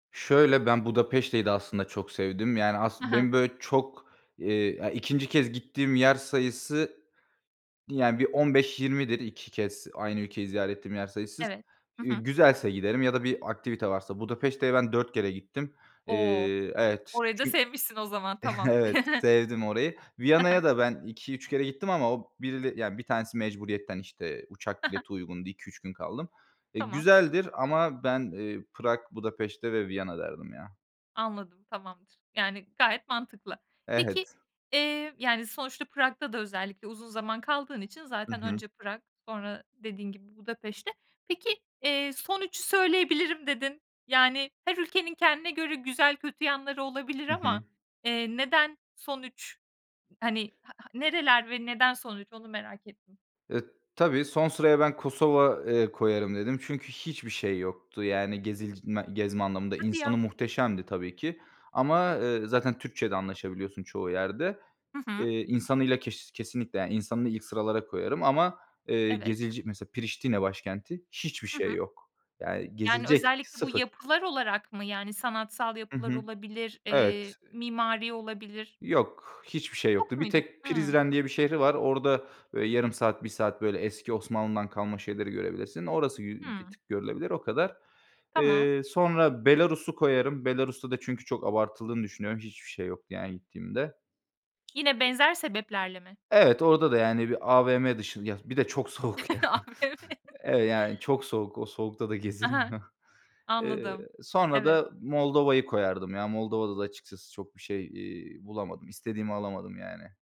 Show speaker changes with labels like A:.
A: Şöyle: Ben Budapeşte'yi de aslında çok sevdim. Yani
B: Ha
A: aslın
B: ha.
A: benim, böyle, çok, iii, ya, 2. kez gittiğim yer sayısı yani bir 15-20'dir, 2 kez aynı ülkeyi ziyaret ettiğim yer sayısı.
B: Evet. Hı
A: G
B: hı.
A: güzelse giderim ya da bir aktivite varsa Budapeşte'ye ben 4 kere gittim,
B: O,
A: iii Evet
B: orayı da
A: çün
B: sevmişsin o zaman, tamam.
A: Evet sevdim orayı.
B: Ha ha.
A: Viyana'ya da ben 2-3 kere gittim ama o birile yani 1 tanesi mecburiyetten, işte,
B: Ha
A: uçak
B: ha.
A: bileti uygundu 2-3 gün kaldım. E,
B: Tamam.
A: güzeldir ama ben, iii, Prag, Budapeşte ve Viyana derdim ya.
B: Anladım, tamamdır. Yani gayet mantıklı. Peki,
A: Evet.
B: iii, yani sonuçta Prag'da da özellikle uzun zaman kaldığın için
A: Hı
B: zaten
A: hı.
B: önce Prag, sonra dediğin gibi Budapeşte. Peki, iii, "son 3'ü söyleyebilirim" dedin, yani her ülkenin kendine göre güzel kötü yanları olabilir
A: Hı hı.
B: ama, eee, neden son 3 hani ha ha nereler ve neden son 3 onu merak ettim.
A: E, tabii. Son sıraya ben Kosova, ııı, koyarım dedim çünkü hiçbir şey yoktu yani gezilc ma gezme anlamında.
B: Hadi ya.
A: İnsanı muhteşemdi tabii ki. Ama, ııı, zaten Türkçe'de anlaşabiliyorsun çoğu yerde.
B: Hı hı.
A: Iıı, insanıyla keş kesinlikle yani insanını ilk sıralara koyarım ama, ııı,
B: Evet.
A: gezile mesela Priştine başkenti hiçbir
B: Hı
A: şey
B: hı.
A: yok. Yani
B: Yani
A: gezilecek,
B: özellikle bu
A: 0.
B: yapılar olarak mı yani sanatsal
A: Hı
B: yapılar
A: hı.
B: olabilir, eee,
A: Evet. Iıı
B: mimari olabilir?
A: Yok. Hiçbir şey
B: Yok
A: yoktu. Bir
B: muydu?
A: tek
B: Hıı.
A: Prizren diye bir şehri var. Orada, ııı, yarım saat bir saat böyle eski Osmanlı'dan kalma şeyleri görebilirsin. Orası bi bir
B: Hımm.
A: tık görülebilir o kadar.
B: Tamam.
A: Iıı, sonra Belarus'u koyarım. Belarus'ta da çünkü çok abartıldığını düşünüyorum. Hiçbir şey yoktu yani gittiğimde.
B: Yine
A: Iıı
B: benzer sebeplerle mi?
A: Evet, orada da, yani, bir AVM dışında, ya bir de çok soğuk yani.
B: AVM.
A: Eve yani çok soğuk, o soğukta da
B: Aha!
A: gezilmiyor. Iıı,
B: Anladım,
A: sonra
B: evet.
A: da Moldova'yı koyardım ya. Moldova'da da açıkçası çok bir şey, iii, bulamadım. İstediğimi alamadım yani.